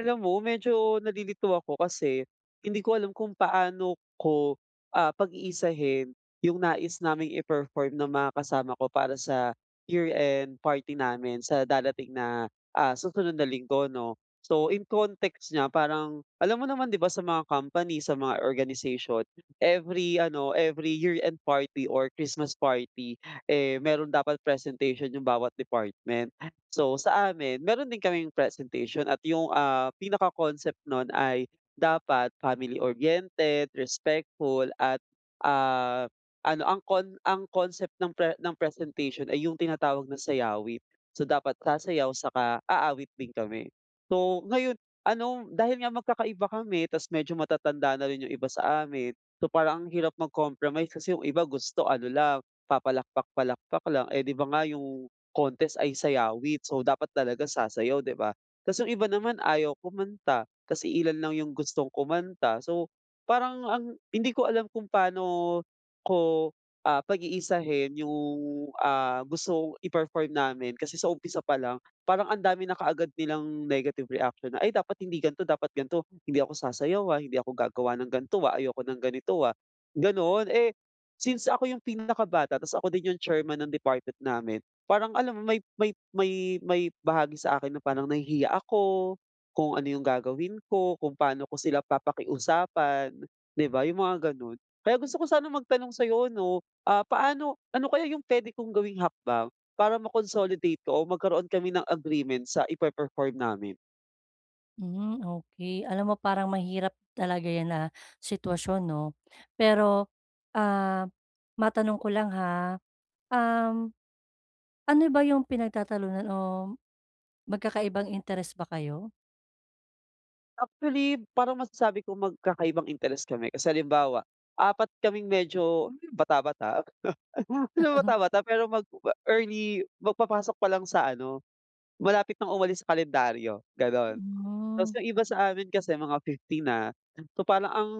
Alam mo, medyo nalilito ako kasi hindi ko alam kung paano ko, ah, pag-iisahin yung nais naming i-perform ng mga kasama ko para sa year end party namin sa darating na, ah, susunod na Linggo 'no. So yung context niya parang, alam mo naman 'di ba sa mga company, sa mga organization, every ano every year end party or Christmas party eh, mayro'n dapat presentation 'yong bawat department ah. So sa amin meron din kaming presentation at yung, ah, pinaka concept nun ay dapat family oriented, respectful at, ah, ano ang con ang concept ng pre ng presentation ay yung tinatawag na sayawit. So dapat sasayaw tsaka aawit din kami. So ngayon ano dahil nga magkakaiba kami tapos medyo matatanda na rin yung iba sa amin, so parang ang hirap mag-compromise kasi yung iba gusto ano lang papalakpak-palakpak lang eh, di ba nga yung contest ay sayawit so dapat talaga sasayaw di ba. Tapos yung iba naman ayaw kumanta, tapos iilan lang yung gustong kumanta. So parang ang hindi ko alam kung pa'no ko, ah, pag-iisahin yung, ah, gustong i-perform namin kasi sa umpisa pa lang parang ang dami na kaagad nilang negative reaction na, ay dapat hindi gan'to, dapat gan'to. Hindi ako sasayaw ah, hindi ako gagawa ng gan'to ah, ayoko ng ganito ah, ganon. Eh, since ako yung pinakabata tapos ako din yung chairman ng department namin parang alam mo may may may may bahagi sa akin na parang nahihiya ako, kung ano 'yong gagawin ko. Kung paano ko sila papakiusapan, 'di ba yung mga ganun. Kaya gusto ko sana magtanong sa 'yo 'no, ah, paano ano kaya yung pwede kong gawing hakbang para ma-consolidate ko o magkaroon kami ng agreement sa ipe-perform namin? Hmm, okey. Alam mo parang mahirap talaga yan na sitwasyon, 'no? Pero, ah, matanong ko lang ha, um, ano ba yung pinagtatalunan o magkakaibang interest ba kayo? Actually, parang masasabi kong magkakaibang interest kami. Kasi halimbawa, 4 kaming medyo bata-bata, hindi naman bata-bata pero mag-early, magpapasok pa lang sa ano, malapit nang umalis sa kalendaryo, gano'n. Tapos Hmm. yung iba sa amin kasi mga 50 na. So, parang ang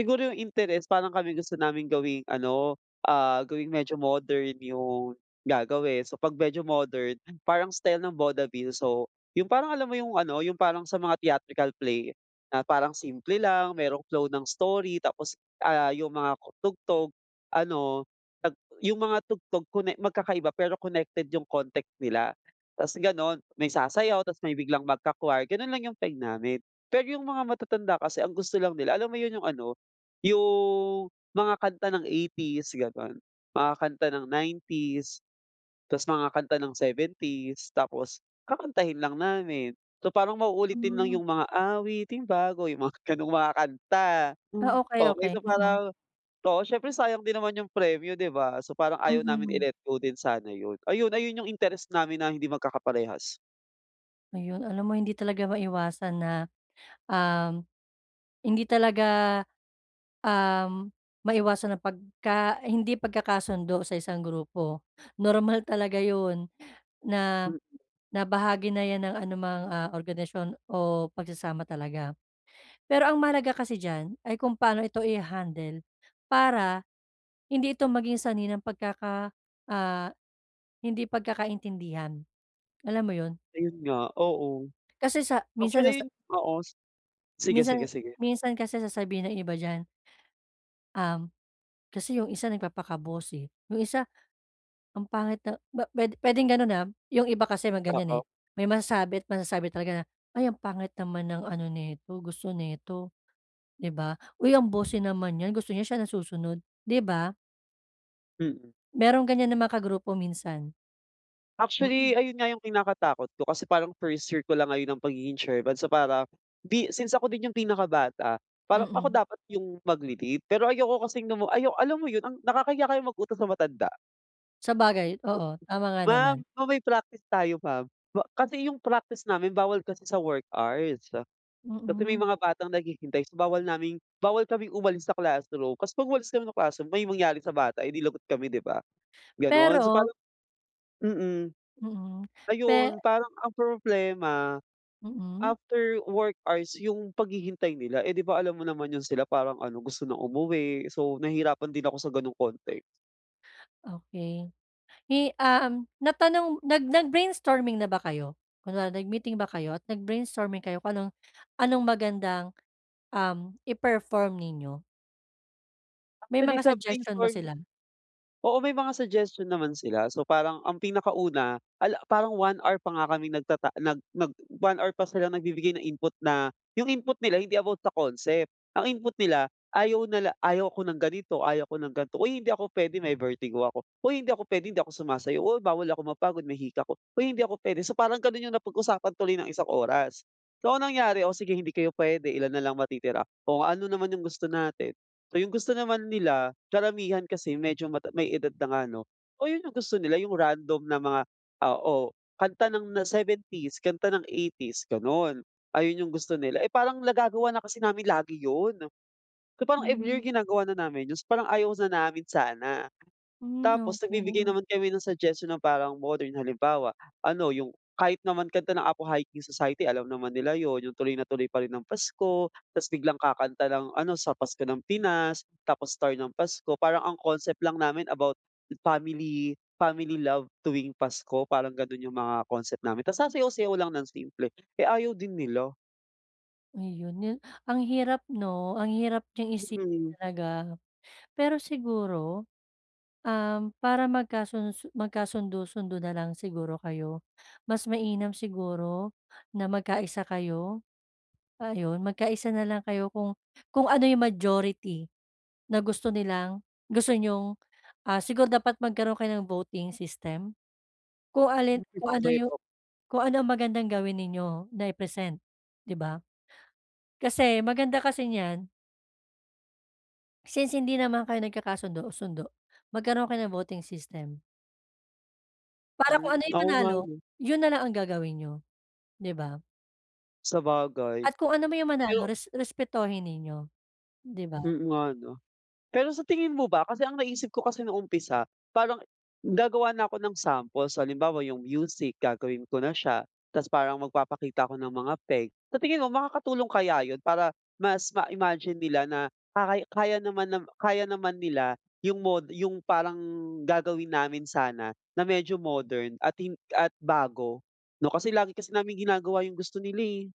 siguro yung interest parang kami gusto naming gawing ano, ah, gawing medyo modern yung gagawin. So, 'pag medyo modern parang style ng vaudeville, so, yung parang alam mo yung ano, yung parang sa mga theatrical play na parang simple lang, mayroong flow ng story tapos, ah, yung mga tugtog, ano, 'pag yung mga tugtog konek magkakaiba pero connected yung context nila. Tapos gano'n, may sasayaw tapos may biglang magka-choir, ganun lang yung peg namin. Pero yung mga matatanda kasi ang gusto lang nila, alam mo yun, yung ano, yung mga kanta ng 80s, ganun, mga kanta ng 90s, tapos mga kanta ng 70s, tapos kakantahin lang namin. So, parang mauulit din lang Hmm. yung mga "Awiting bago," yung mga gano'ng mga kanta. Ah, okey, Okey, okey, so mm. parang, oo, siyempre sayang din naman yung premyo, 'di ba? So, parang ayaw namin Mm. i-let go din sana yun, ayun. Ayun yung interest namin na hindi magkakaparehas. Ayun alam mo hindi talaga maiwasan na uhm, hindi talaga uhm maiwasan ang pagka hindi pagkakasundo sa isang grupo. Normal talaga yun na, Mm. na bahagi na yan ng anumang ah organisasyon o pagsasama talaga. Pero ang mahalaga kasi diyan ay kung paano ito iha-handle para hindi ito maging sanhi ng pagkaka ah hindi pagkakaintindihan alam mo yun. Ayun nga oo. Kasi sa, minsan sa sa. Actually, oo. Sige, sige, Minsan, sige. minsan kasi sasabihin ng iba diyan. Uhm, kasi yung isa nagpapaka-bossy, 'yong isa ang pangit na bu pu puwedeng gano'n ha. 'Yong iba kasi ma ganyan eh. Oo. May masasabi at masasabi talaga na, "Ay ang pangit naman ng ano nito gusto nito." 'Di ba? "Uy ang bossy naman 'yan gusto niya siya nasusunod." 'Di ba? Mm. Merong ganyan na mga kagrupo minsan. Actually Mm. ayun nga yung kinakatakot ko kasi parang first year ko lang ngayon ng pagiging chairman. So para, di since ako din yung pinakabata parang ako Mm. dapat yung magle-lead pero ayoko kasing lam mu, alam mo yun ang nakakahiya kayang mag-utos ng matanda. Sabagay, oo. Tama nga Ma'am, naman. o may practice tayo ma'am. Wa kasi yung practice namin bawal kasi sa work hours. Kasi may Mm. mga batang naghihintay, so bawal naming bawal kaming umalis sa classroom. Kasi 'pag umalis kami ng classroom, may mangyari sa bata, edi lagot kami, 'di ba? Gano'n. So Pero parang, mm. Mm. Pe Ayun, parang ang problema, Mm. after work hours yung paghihintay nila. Eh, 'di ba alam mo naman yun sila, parang ano, gusto ng umuwi. So, nahihirapan din ako sa gano'ng konte. Okey. Eh, um, natanong nag nag-brainstorming na ba kayo? Kunwari, nag-meeting ba kayo? At nag-brainstorming kayo kung anong anong magandang, um, i-perform ninyo? May Actually, mga sa suggestion ba brainstorm sila? oo. May mga suggestion naman sila. So parang ang pinakauna, ala, parang 1 hour pa nga kami nagtata nag nag 1 hour pa silang nagbibigay ng input na, yung input nila hindi about the concept. Ang input nila, ayaw nila ayaw ko ng ganito, ayaw ko ng gan'to, "Uy hindi ako puwede, may vertigo ako." "Huy, hindi ako puwede, hindi ako sumasayaw." "O, bawal ako mapagod, may hika ako." "Huy, hindi ako puwede." So, parang ganun yung napag-usapan tuloy ng isang oras. So, ang nangyari, o sige, hindi kayo puwede, ilan na lang matitira? O ano naman yung gusto natin? So, yung gusto naman nila, karamihan kasi medyo mata may edad na nga ano. Oo, yun yung gusto nila, yung random na mga oo, kanta ng na '70s, kanta ng '80s, gano'n. Ayun yung gusto nila. Eh, parang nagagawa na kasi namin lagi 'yon. So parang every year Hmm. ginagawa na namin yun. So, parang ayaw sa namin sana. Hmm, Tapos nagbibigay okey. naman kami ng suggestion, na parang modern. Halimbawa, ano, yung kahit naman kanta ng Apo Hiking Society, alam naman nila 'yon, yung Tuloy Na Tuloy Pa Rin ang Pasko, tapos biglang kakanta ng ano, Sa Pasko ng Pinas, tapos Star ng Pasko, parang ang concept lang namin about family, family love tuwing Pasko, parang ganun yung mga concept namin. Ta's sasayaw-sayaw lang ng simple. Eh, ayaw din nila. Ayun 'no. Ang hirap 'no, ang hirap niyang isipin Mm. talaga. Pero siguro, um, para magkasunod su magkasundo-sundo na lang siguro kayo, mas mainam siguro na magkaisa kayo. Ayun, magkaisa na lang kayo kung kung ano yung majority na gusto nilang gusto niyong, ah, siguro dapat magkaroon kayo ng voting system. Kung alin, Mm, kung ano okey, yung op kung ano ang magandang gawin ninyo na i-present, 'di ba? Kasi, maganda kasi niyan Since hindi naman kayo nagkakasundo-sundo, magkaroon kayo ng voting system. Para kung Hmm, ano yung oo nga, manalo, 'no. yun na lang ang gagawin niyo, 'di ba? Sabagay. At kung anuman yung manalo, Pero res respetuhin ninyo, 'di ba? Mm, nga 'no? Pero sa tingin mo ba, kasi ang naisip ko kasi nung umpisa, parang gagawa na ako ng samples. Halimbawa yung music gagawin ko na siya, 'tas parang magpapakita ako ng mga peg. Sa tingin mo makakatulong kaya yun para mas ma-imagine nila na kay kaya naman nam kaya naman nila yung mod yung parang gagawin namin sana na medyo modern at hin at bago, 'no, kasi lagi kasi naming ginagawa yung gusto nila, eh.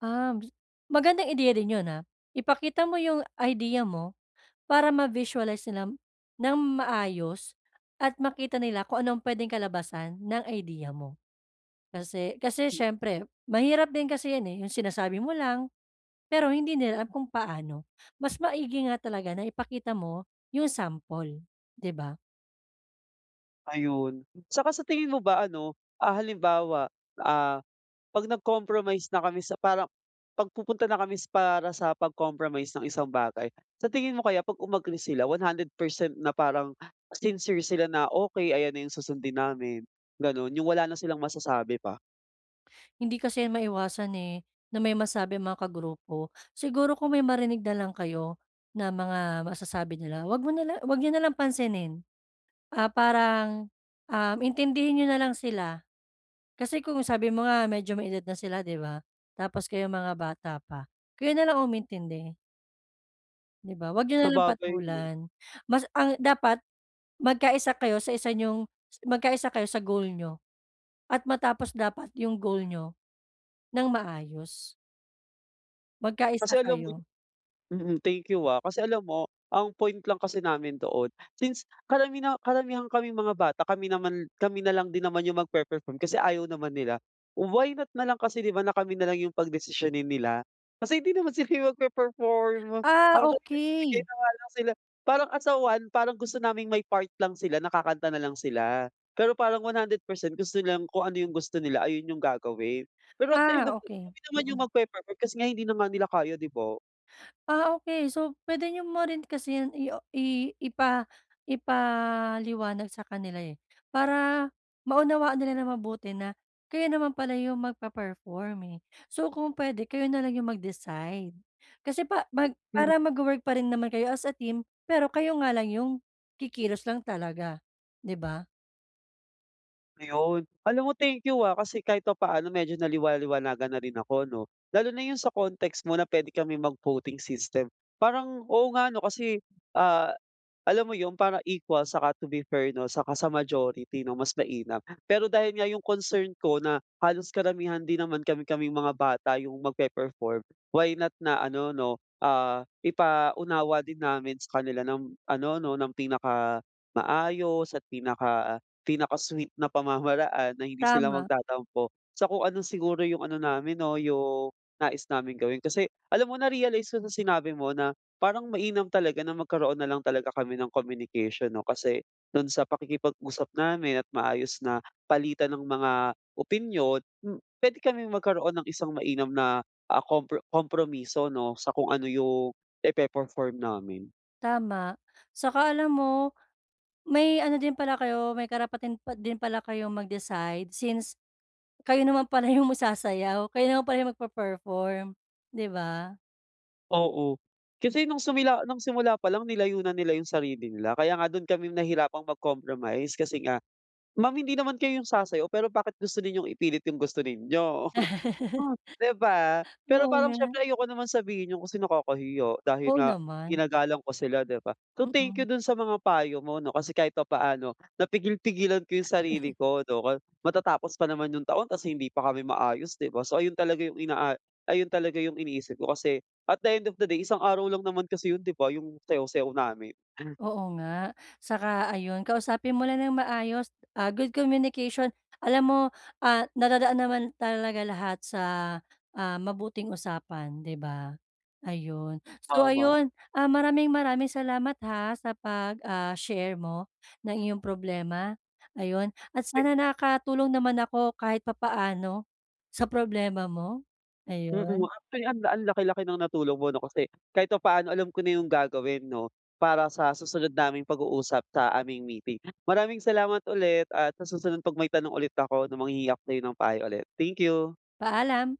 Ah, m s magandang ideya din 'yun, ah, ipakita mo 'yung idea mo, para ma-visualize nila ng maayos at makita nila kung ano'ng puwedeng kalabasan ng idea mo. Kasi kasi M siyempre mahirap din kasi 'yan eh, 'yung sinasabi mo lang, pero hindi nila alam kung paano. Mas maigi nga talaga na ipakita mo 'yung sample, 'di ba? Ayun. Saka sa tingin mo ba, ano, ah, halimbawa, ah, 'pag nag-compromise na kami sa parang, 'pag pupunta na kami para sa pag-compromise ng isang bagay, sa tingin mo kaya pag umagree sila, one hundred percent na parang sincere sila na, "Okey, ayan na 'yung susundin namin." Gano'n, 'yung wala na silang masasabi pa? Hindi kasi 'yan maiwasan, eh, na may masabi ang mga kagrupo. Siguro kung may marinig na lang kayo na mga masasabi nila, huwag mo nala huwag niyo nalang pansinin. Ah, parang, ah, intindihin niyo na lang sila. Kasi kung sabi mo nga medyo may edad na sila, 'di ba? Tapos kayong mga bata pa, kayo na lang umintindi. 'Di ba? 'Wag niyo nalang Sabagay, 'no? patulan. Mas, ang dapat magkaisa kayo sa isa niyong magkaisa kayo sa goal niyo at matapos dapat yung goal niyo nang maayos. Kasi Magkaisa alam mo yun? kayo. Mm, thank you ah. Kasi alam mo, ang point lang kasi namin doon, since karamina karamihan kaming mga bata, kami naman kami na lang din naman yung magpe-perform kasi ayaw naman nila. Why not na lang kasi 'di ba na kami nalang yung pagdesisyonin nila. Kasi hindi naman sila magpe-perform. Ah, Ako kasi nagbibigay okey. na nga lang sila, parang as a 1, parang gusto naming may part lang sila na kakanta nalang sila. Pero parang 100% gusto nilang kung ano yung gusto nila, ayun yung gagawin. Pero at the end Ah, of the day, okey. kami naman yung magpe-perform kasi nga hindi naman nila kaya, 'di ba? Ah, okey. So, puwede niyo mo rin kasi yan i o i ipa ipaliwanag sa kanila eh, para maunawaan nila nang mabuti na kayo naman pala yung magpe-perform eh. So, kung puwede kayo nalang yung mag-decide. Kasi pa mag Mm. para magwo-work pa rin naman kayo as a team, pero kayo nga lang yung kikilos lang talaga, 'di ba? Ayun. Alam mo thank you, ah, kasi kahit papaano medyo naliwa-liwanagan na rin ako, 'no. Lalo na 'yung sa context mo na puwede kami mag-voting system. Parang, oo, nga, 'no, kasi, ah, alam mo 'yung para equal saka to be fair, 'no, saka sa majority, 'no, mas mainam. Pero dahil nga 'yung concern ko na halos karamihan din naman kami-kaming mga bata 'yung magpe-perform, why not na ano, 'no, ah, ipaunawa din namin sa kanila ng ano, 'no, ng pinakamaayos at pinaka pinaka-sweet na pamamaraan na hindi sila Tama. magtatampo. So kung ano siguro 'yung ano namin 'no, 'yung nais naming gawin. Kasi alam mo, na-realize ko sa sinabi mo na parang mainam talaga na magkaroon na lang talaga kami ng communication, 'no, kasi do'n sa pakikipag-usap namin at maayos na palitan ng mga opinyon, hmm, puwede kaming magkaroon ng isang mainam na, ah, kompro kompromiso 'no, sa kung ano 'yung ipe-perform namin. Tama. Saka alam mo, may ano din pala kayo, may karapatan pa din pala kayo mag-decide since kayo naman pala 'yung ma sasayaw, kayo naman pala 'yung magpe-perform, 'di ba? Oo, kasi nung sumila nung simula pa lang nilayo na nila yung sarili nila. Kaya nga do'n kami nahirapang mag-compromise kasi nga, "Ma'am hindi naman kayo 'yong sasayaw pero bakit gusto ninyong ipilit yung gusto ninyo," di ba. Pero Oo parang nga. syempre ayoko naman sabihin yon kasi nakakahiya, dahil Oo nga naman. ginagalang ko sila di ba. So thank Mm. you dun sa mga payo mo 'no, kasi kahit papaano napigil-pigilan ko yung sarili ko 'no. Matatapos pa naman yung taon tapos hindi pa kami maayos 'di ba. So ayon talaga yung inaa ayon talaga yung iniisip ko kasi at the end of the day isang araw lang naman kasi yun di ba, yung sayaw-sayaw namin. Oo nga. Saka ayun kausapin mo lang ng maayos, ah, good communication. Alam mo, ah, nadadaan naman talaga lahat sa, ah, mabuting usapan, 'di ba? Ayun, so Tama. ayun, ah, maraming maraming salamat ha sa 'pag, ah, share mo ng iyong problema, ayun at sana nakatulong naman ako kahit papaano sa problema mo, Mm. ayun. Actually, ang ang laki-laki ng natulong mo 'no, kasi kahit papaano alam ko na yung gagawin 'no para sa susunod naming pag-uusap sa aming meeting. Maraming salamat ulit at sa susunod 'pag may tanong ulit ako 'no manghihingi ako sa'yo ng payo ulit. Thank you! Paalam.